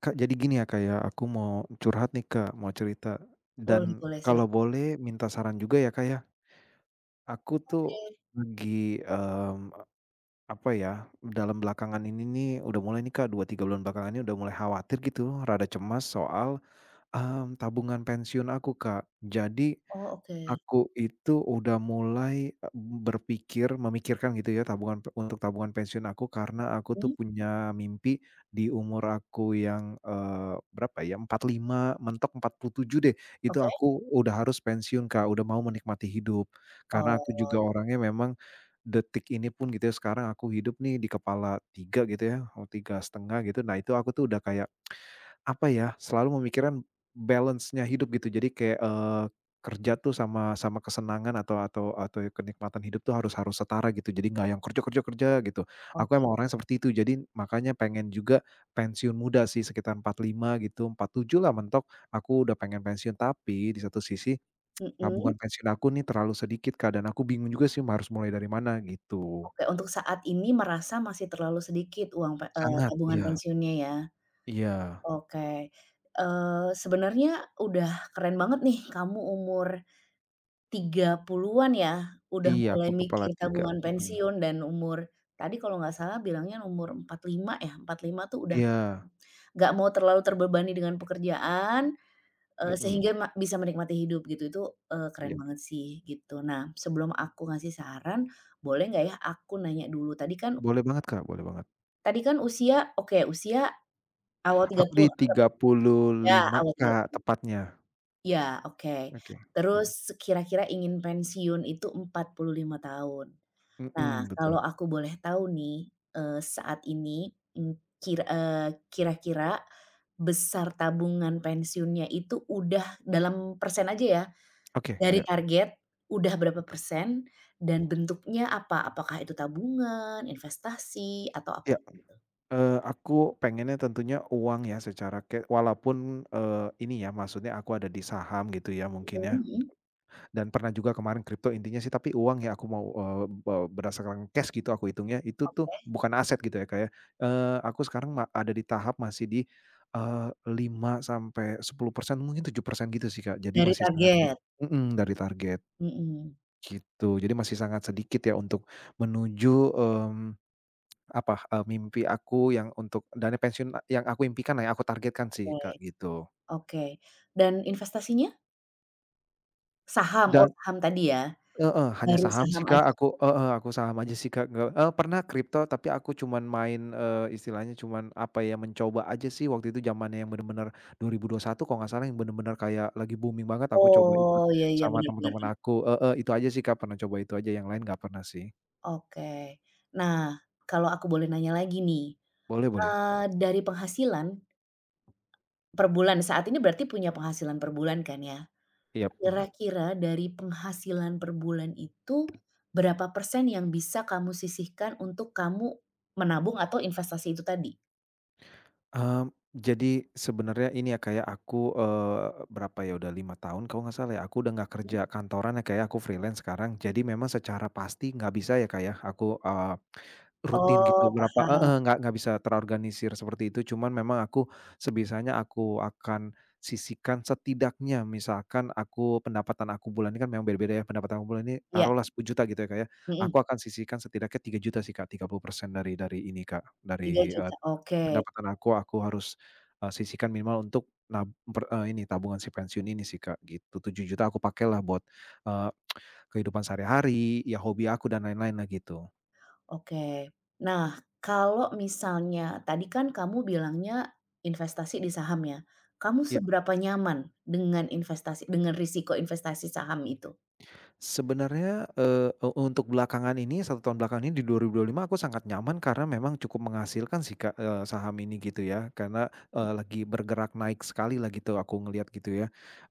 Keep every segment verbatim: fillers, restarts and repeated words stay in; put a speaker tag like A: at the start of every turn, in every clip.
A: Kak, jadi gini ya Kak, ya. Aku mau curhat nih, Kak. Mau cerita,
B: Boleh
A: dan
B: boleh, silah.
A: kalau boleh minta saran juga ya Kak, ya? Aku tuh
B: Oke.
A: lagi mmm, apa ya? Dalam belakangan ini nih udah mulai nih Kak, dua tiga bulan belakangan ini udah mulai khawatir gitu, rada cemas soal mmm tabungan pensiun aku Kak. Jadi,
B: Oh, oke.
A: aku itu udah mulai e berpikir memikirkan gitu ya, tabungan pe untuk tabungan pensiun aku, karena aku tuh
B: Mmm.
A: punya mimpi di umur aku yang eee berapa ya? empat lima, mentok empat puluh tujuh deh, itu
B: Oke.
A: aku udah harus pensiun Kak. Udah mau menikmati hidup.
B: Oh,
A: Karena aku
B: uwoy.
A: juga orangnya memang, detik ini pun gitu ya, sekarang aku hidup nih di kepala tiga, gitu ya, eee, tiga setengah gitu. Nah, itu aku tuh udah kayak, apa ya? Selalu memikirkan balance-nya hidup, gitu. Jadi kayak, eee, kerja tuh sama sama kesenangan atau atau atau kenikmatan hidup tuh harus harus setara gitu. Jadi nggak yang kerja, kerja, kerja, gitu. Aku
B: Oke.
A: emang orangnya seperti itu. Jadi makanya pengen juga, pensiun muda sih, sekitar empat lima gitu, empat tujuh lah mentok, aku udah pengen pensiun. Tapi di satu sisi,
B: Heem.
A: tabungan pensiun aku nih terlalu sedikit Kak. Dan aku bingung juga sih, marus mulai dari mana, gitu.
B: Oke, untuk saat ini merasa masih terlalu sedikit uang, pe e
A: Sangat.
B: tabungan
A: Iya.
B: pensiunnya ya?
A: Iya.
B: Oke. Eee, sebenarnya udah keren banget nih, kamu umur, tiga puluhan ya? Udah
A: Iya, aku
B: mulai
A: kepala
B: mikir
A: tiga.
B: tabungan
A: Heeh.
B: pensiun dan umur, tadi kalau nggak salah bilangnya umur empat lima ya? empat lima tuh udah,
A: Iya.
B: nggak mau terlalu terbebani dengan pekerjaan, eee,
A: Heeh.
B: sehingga ma bisa menikmati hidup, gitu. Itu, eee, keren
A: Iya.
B: banget sih, gitu. Nah, sebelum aku ngasih saran, boleh nggak ya? Aku nanya dulu. Tadi kan
A: Boleh banget, Kak. Boleh banget.
B: Tadi kan usia, oke, usia awal tiga
A: Aku di
B: puluh
A: tiga
B: anggaplah,
A: puluh
B: ya
A: lima
B: awal tiga
A: Kak,
B: puluh.
A: tepatnya.
B: Iya oke,
A: Oke, mhm.
B: terus kira-kira ingin pensiun itu empat puluh lima tahun, nah
A: Mhm, betul.
B: kalau aku boleh tahu nih, eee, saat ini, mmm, kir eee, kira-kira, besar tabungan pensiunnya itu udah dalam persen aja ya,
A: Oke
B: dari
A: iya.
B: target, udah berapa persen? Dan bentuknya apa? Apakah itu tabungan, investasi, atau
A: Iya
B: apa
A: iya,
B: gitu?
A: eee, aku pengennya tentunya uang ya secara kayak walaupun, eee, ini ya maksudnya aku ada di saham gitu ya mungkin
B: Mhm
A: ya,
B: mhm.
A: dan pernah juga kemarin crypto intinya sih tapi uang ya aku mau, eee eee, berdasarkan cash gitu aku hitungnya itu tuh
B: Oke.
A: bukan aset gitu ya Kak, ya, eee, aku sekarang ma ada di tahap masih di, eee, lima sampai sepuluh persen mungkin tujuh persen gitu sih Kak, jadi
B: Dari
A: masih sangat dik
B: target?
A: mhm, dari target.
B: Heeh.
A: Gitu jadi masih sangat sedikit ya untuk menuju, mmm, apa, eee, mimpi aku yang untuk dana pensiun, eee, yang aku impikan lah yang aku targetkan sih
B: Oke,
A: Kak, gitu.
B: oke dan investasinya? Saham? Oh,
A: Dan
B: ham tadi ya.
A: heeh, hanya
B: Baru
A: saham sih
B: saham
A: Kak.
B: aja.
A: Aku heeh, aku saham aja sih Kak. Ge e pernah crypto, tapi aku cuman main, eee, istilahnya cuman, apa ya? Mencoba aja sih waktu itu jamannya yang bener-bener, dua ribu dua satu kalau nggak salah yang bener-bener kayak, lagi booming banget, aku coba ikut,
B: Oh. Iya iya.
A: sama
B: Bener bener
A: temen-temen
B: bener.
A: aku. Heeh, itu aja sih Kak. Pernah coba itu aja. Yang lain nggak pernah sih.
B: Oke. Nah, kalau aku boleh nanya lagi nih.
A: Boleh boleh.
B: Eee, dari penghasilan per bulan saat ini, berarti punya penghasilan per bulan kan ya?
A: Yap, mhm.
B: Kira-kira, dari penghasilan per bulan itu, berapa persen yang bisa kamu sisihkan untuk kamu, menabung atau investasi itu tadi?
A: Mmm. Jadi, sebenarnya ini ya Kak ya, Aku, eee, berapa ya? Udah lima tahun kalau nggak salah ya. Aku udah nggak kerja kantoran ya Kak ya. Aku freelance sekarang. Jadi, memang secara pasti nggak bisa ya Kak ya, aku eee, rutin gitu.
B: Oh,
A: Berapa
B: paham.
A: heeh, nggak nggak bisa terorganisir seperti itu, cuman memang aku, sebisanya aku akan sisihkan setidaknya, misalkan aku pendapatan aku bulanan kan memang beda-beda ya, pendapatan aku bulanan ini
B: Iya.
A: taruhlah sepuluh juta, gitu ya Kak ya. Aku
B: Heeh.
A: akan sisihkan setidaknya tiga juta sih, Kak. tiga puluh persen dari dari ini Kak,
B: tiga
A: dari eee
B: juta oke.
A: pendapatan aku aku harus, e sisihkan minimal untuk nab per e ini, tabungan si pensiun ini sih, Kak. Gitu. Tujuh juta aku pakailah buat, eee, kehidupan sehari-hari, ya hobi aku, dan lain-lainlah, gitu.
B: Oke. Nah, kalau misalnya, tadi kan kamu bilangnya, investasi di saham ya? Kamu
A: Ya.
B: seberapa nyaman dengan investasi dengan risiko investasi saham itu?
A: Sebenarnya, eee, e untuk belakangan ini, satu tahun belakangan ini di dua ribu dua lima, aku sangat nyaman karena memang cukup menghasilkan sih Kak. Eee, saham ini, gitu ya. Karena eee, lagi bergerak naik sekali lah gitu. Aku ngelihat gitu, ya.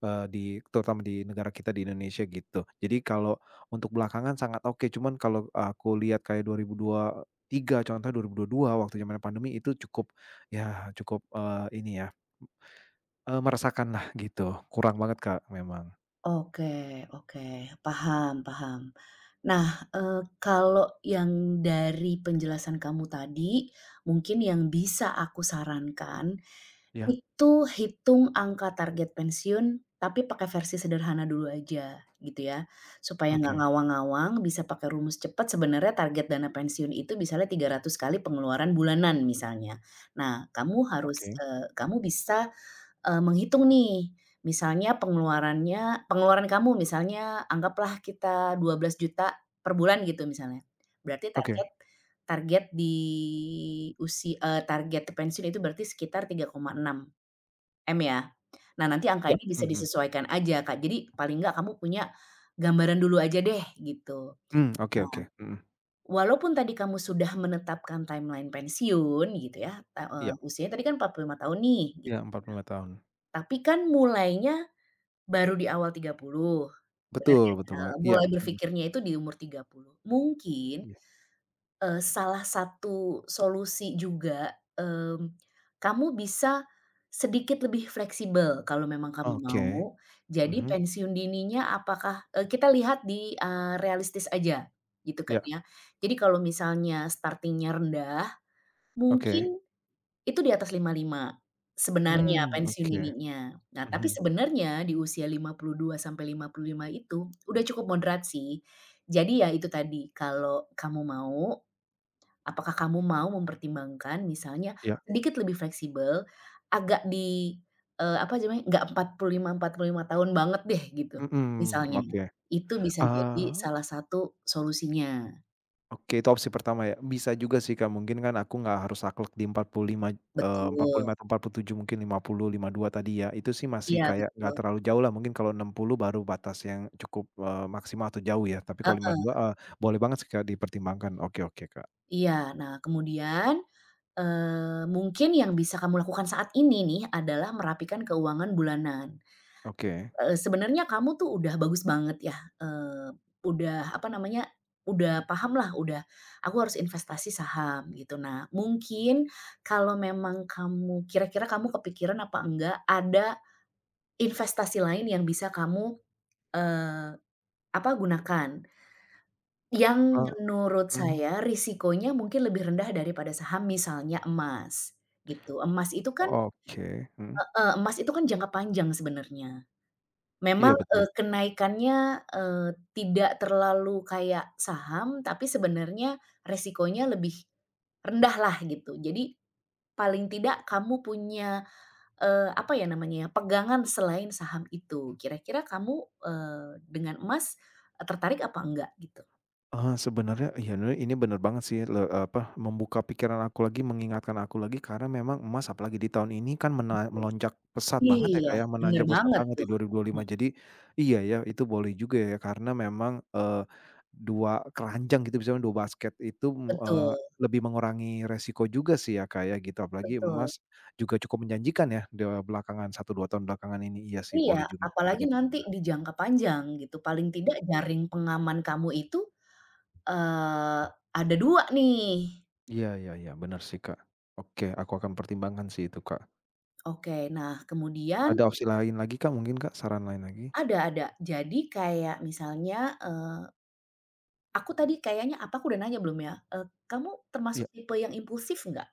A: Eee, di terutama di negara kita, di Indonesia, gitu. Jadi kalau, untuk belakangan sangat oke, cuman kalau aku lihat kayak dua ribu dua tiga, contohnya dua ribu dua dua, waktu zaman pandemi itu cukup, ya, cukup, eee, ini ya eee meresahkanlah, gitu. Kurang banget Kak, memang.
B: Oke, oke. paham, paham. Nah, eee, kalau yang dari penjelasan kamu tadi, mungkin yang bisa aku sarankan,
A: Iya.
B: itu hitung angka target pensiun tapi pakai versi sederhana dulu aja gitu ya, supaya nggak
A: Oke.
B: ngawang-ngawang bisa pakai rumus cepat sebenarnya target dana pensiun itu misalnya tiga ratus kali pengeluaran bulanan misalnya, nah kamu harus,
A: Oke.
B: eee, kamu bisa, eee, menghitung nih, misalnya pengeluarannya pengeluaran kamu misalnya anggaplah kita dua belas juta per bulan gitu misalnya, berarti target,
A: Oke.
B: target di usi eee, target pensiun itu berarti sekitar tiga koma enam m ya nah nanti angka
A: Ya,
B: ini bisa
A: mhm.
B: disesuaikan aja Kak, jadi paling enggak kamu, punya gambaran dulu aja deh gitu, nah,
A: Mmm, oke oke, mhm.
B: walaupun tadi kamu sudah menetapkan timeline pensiun gitu ya ta eee,
A: Iya.
B: usianya tadi kan empat lima tahun nih gitu
A: Iya empat puluh lima tahun.
B: ya, tapi kan mulainya, baru di awal tiga puluh, bener
A: Betul betul
B: nggak
A: banget iya,
B: mulai
A: mhm.
B: berfikirnya itu di umur tiga puluh mungkin,
A: Mmm.
B: eee, salah satu solusi juga, mmm, kamu bisa, sedikit lebih fleksibel kalau memang kamu
A: Oke,
B: mau jadi
A: mhm.
B: pensiun dininya apakah eee, kita lihat di, eee, realistis aja gitu kan
A: Ya.
B: ya, jadi kalau misalnya starting-nya rendah,
A: Oke.
B: mungkin, itu di atas lima lima, sebenarnya
A: Mmm,
B: pensiun
A: oke,
B: dininya nah tapi
A: mhm.
B: sebenarnya di usia lima puluh dua sampai lima puluh lima itu, udah cukup moderat sih, jadi ya itu tadi kalau kamu mau, apakah kamu mau mempertimbangkan misalnya
A: Iya.
B: sedikit lebih fleksibel agak di, eee, apa sih namanya, nggak empat puluh lima empat puluh lima tahun banget deh gitu
A: Mhm,
B: misalnya,
A: oke,
B: itu bisa jadi
A: eee
B: salah satu solusinya.
A: Oke, itu opsi pertama, ya. Bisa juga sih, Kak, mungkin kan, aku nggak harus, saklek, di empat puluh lima eee, empat puluh
B: Betul.
A: lima atau empat puluh tujuh mungkin lima puluh, lima dua tadi, ya. Itu sih masih
B: Iya,
A: kayak nggak
B: betul.
A: terlalu jauh lah, mungkin kalau enam puluh baru batas yang cukup, eee, maksimal atau jauh, ya. Tapi kalau lima
B: Heeh.
A: dua, eee, boleh banget sih, Kak, dipertimbangkan. Oke oke, Kak.
B: Iya. Nah, kemudian, eee, mungkin yang bisa kamu lakukan saat ini nih, adalah merapikan keuangan bulanan.
A: Oke.
B: Eee, sebenarnya kamu tuh, udah bagus banget ya, eee, udah, apa namanya, udah paham lah, udah "Aku harus investasi saham", gitu. Nah, mungkin kalau memang kamu kira-kira kamu kepikiran apa enggak, ada investasi lain yang bisa kamu, eee, apa, gunakan yang
A: Eee,
B: menurut
A: mhm.
B: saya risikonya mungkin lebih rendah daripada saham, misalnya emas, gitu. Emas itu kan
A: Oke, mhm.
B: heeh, emas itu kan jangka panjang sebenarnya. Memang,
A: Iya,
B: eee,
A: betul.
B: kenaikannya, eee, tidak terlalu kayak saham, tapi sebenarnya resikonya lebih rendah lah, gitu. Jadi, paling tidak kamu punya, eee, apa ya, namanya ya, pegangan selain saham itu. Kira-kira kamu, eee, dengan emas, tertarik apa enggak, gitu?
A: Eee, sebenarnya, ya, nre ini bener banget sih, le apa, membuka pikiran aku lagi, mengingatkan aku lagi, karena memang emas, apalagi di tahun ini kan, mela melonjak pesat
B: Betul.
A: banget ya,
B: Iya,
A: Kak, ya,
B: bener
A: menanjak pesat
B: banget
A: banget di
B: tuh.
A: dua ribu dua
B: Mhm.
A: lima. Jadi, iya, ya, itu boleh juga ya, karena memang, eee, dua keranjang, gitu, misalkan dua basket itu, mu eee,
B: Betul.
A: lebih mengurangi resiko juga sih, ya Kak, ya, gitu. Apalagi
B: Betul.
A: emas, juga cukup menjanjikan ya, di, eee, belakangan satu, dua tahun belakangan ini. Iya, sih,
B: Iya,
A: boleh juga Kak,
B: apalagi
A: bedapun
B: nanti
A: bera
B: di jangka panjang, gitu. Paling tidak jaring pengaman kamu itu, eee, ada dua nih.
A: Iya, ya ya. Bener sih, Kak. Oke, aku akan pertimbangkan sih, itu, Kak.
B: Oke, nah kemudian
A: Ada opsi lain lagi Kak, mungkin Kak? Saran lain lagi?
B: Ada ada, jadi kayak misalnya, eee Aku tadi kayaknya, apa aku udah nanya belum ya? E kamu
A: E iya.
B: termasuk tipe yang impulsif nggak?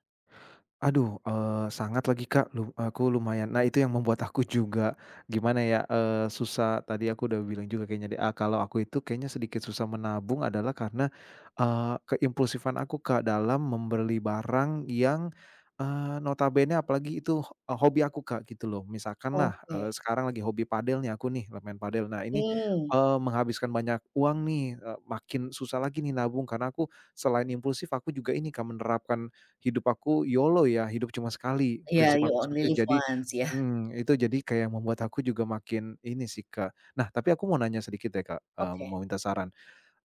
A: Aduh, eee, sangat lagi Kak, lu aku lumayan nah itu yang membuat aku juga, gimana ya? Eee, susah tadi aku udah bilang juga kayaknya deh, a kalau aku itu kayaknya sedikit susah menabung adalah karena, eee, keimpulsifan aku Kak dalam membeli barang yang, eee, notabenenya apalagi itu ho e hobi aku Kak, gitu loh. Misalkanlah,
B: Oke.
A: eee, sekarang lagi hobi padel nih aku nih le maen padel. Nah ini,
B: Mmm.
A: eee, menghabiskan banyak uang nih, e makin susah lagi nih nabung karena aku, selain impulsif aku juga ini Kak menerapkan hidup aku YOLO ya, hidup cuma sekali.
B: Iya,
A: Prinsip
B: you
A: aku
B: only
A: seperti
B: live
A: jadi
B: once, iya.
A: mmm, itu jadi kayak membuat aku juga makin ini sih Kak Nah tapi aku mau nanya sedikit deh Kak, eee,
B: Oke.
A: mau minta saran.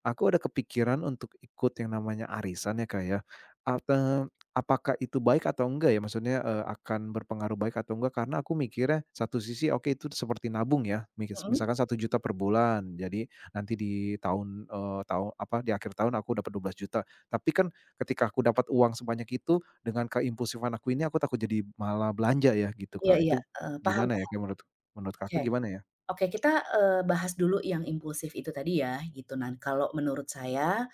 A: Aku ada kepikiran untuk ikut yang namanya arisan ya Kak ya. Apa apakah itu baik atau enggak ya? Maksudnya e akan berpengaruh baik atau enggak? Karena aku mikirnya satu sisi oke itu seperti nabung ya? Mikes
B: Mhm.
A: misalkan satu juta per bulan, jadi nanti di tahun eee, tahu apa di akhir tahun aku dapat dua belas juta. Tapi kan, ketika aku dapat uang sebanyak itu dengan keimpulsifan aku ini, aku takut jadi malah belanja ya gitu
B: Iya
A: Kak.
B: iya
A: Itu,
B: e paham
A: gimana ya
B: paham.
A: kayak menurut menurut
B: Oke.
A: Kakak gimana ya?
B: Oke kita, eee, bahas dulu yang impulsif itu tadi ya, gitu. nan kalau menurut saya,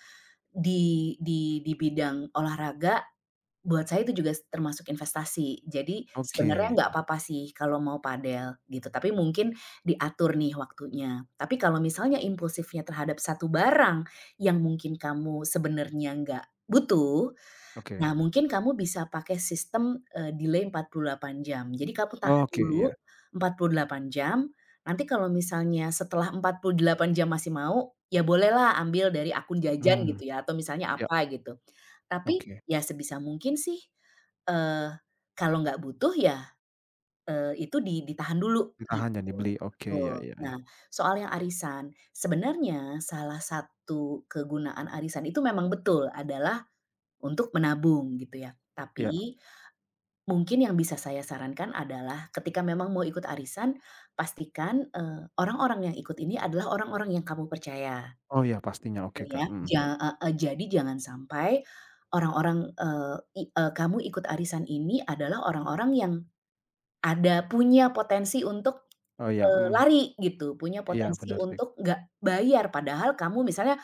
B: di di di bidang olahraga, buat saya tuh juga s termasuk investasi. Jadi sebenarnya
A: Oke.
B: nggak apa apa sih kalau mau padel gitu, tapi mungkin diatur nih waktunya. Tapi kalau misalnya impulsifnya terhadap satu barang, yang mungkin kamu sebenarnya nggak butuh,
A: Oke.
B: nah mungkin kamu bisa pakai sistem e delay empat puluh delapan jam. Jadi kamu tahan
A: Oke,
B: dulu
A: iya.
B: empat puluh delapan jam, nanti kalau misalnya setelah empat puluh delapan jam masih mau, ya bolehlah ambil dari akun jajan
A: Mmm.
B: gitu ya atau misalnya
A: Iya.
B: apa gitu. Tapi
A: Oke.
B: ya sebisa mungkin sih, eee kalau nggak butuh ya, eee itu di ditahan dulu
A: Ditahan
B: gitu,
A: jangan dibeli oke,
B: betul.
A: ya ya
B: Nah,
A: ya.
B: soal yang arisan, sebenarnya salah satu kegunaan arisan itu memang betul adalah, untuk menabung gitu ya.
A: Iya.
B: Tapi, mungkin yang bisa saya sarankan adalah ketika memang mau ikut arisan, pastikan e orang orang yang ikut ini adalah orang orang yang kamu percaya.
A: Oh ya pastinya, oke
B: Bener
A: Kak,
B: ya,
A: mhm.
B: ja ah hah jadi jangan sampai, orang orang eee i e kamu ikut arisan ini adalah orang orang yang, ada punya potensi untuk,
A: Oh ya,
B: eee
A: mhm.
B: lari gitu. Punya
A: Iya
B: potensi
A: benar sih.
B: untuk nggak bayar padahal kamu misalnya,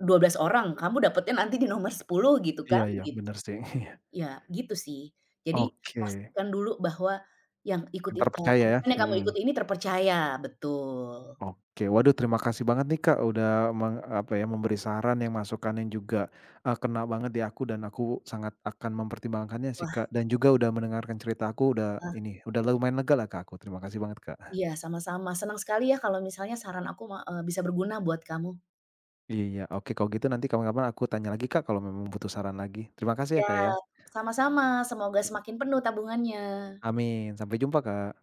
B: dua belas orang kamu dapatnya nanti di nomor sepuluh gitu kan,
A: Iya iya,
B: gitu.
A: bener sih.
B: Ya gitu sih. Jadi,
A: Oke.
B: pastikan dulu bahwa yang
A: Yang
B: ikutin e
A: terpercaya ya,
B: arisan yang kamu
A: heeh.
B: ikuti ini terpercaya, betul.
A: Oke. Waduh terima kasih banget nih Kak, udah meng apa ya? memberi saran yang masukannya juga, e kena banget di aku dan aku sangat akan mempertimbangkannya sih
B: Wah.
A: Kak. Dan juga udah mendengarkan cerita aku udah
B: Ah.
A: ini, udah lumayan lega lah Kak aku. Terima kasih banget Kak.
B: Iya sama sama. Senang sekali ya kalau misalnya saran aku ma e bisa berguna buat kamu.
A: Iya, oke kalau gitu nanti kapan-kapan aku tanya lagi Kak, kalau memang butuh saran lagi. Terima kasih ya
B: Ya.
A: Kak ya.
B: Sama sama semoga semakin penuh tabungannya.
A: Amin. Sampai jumpa Kak.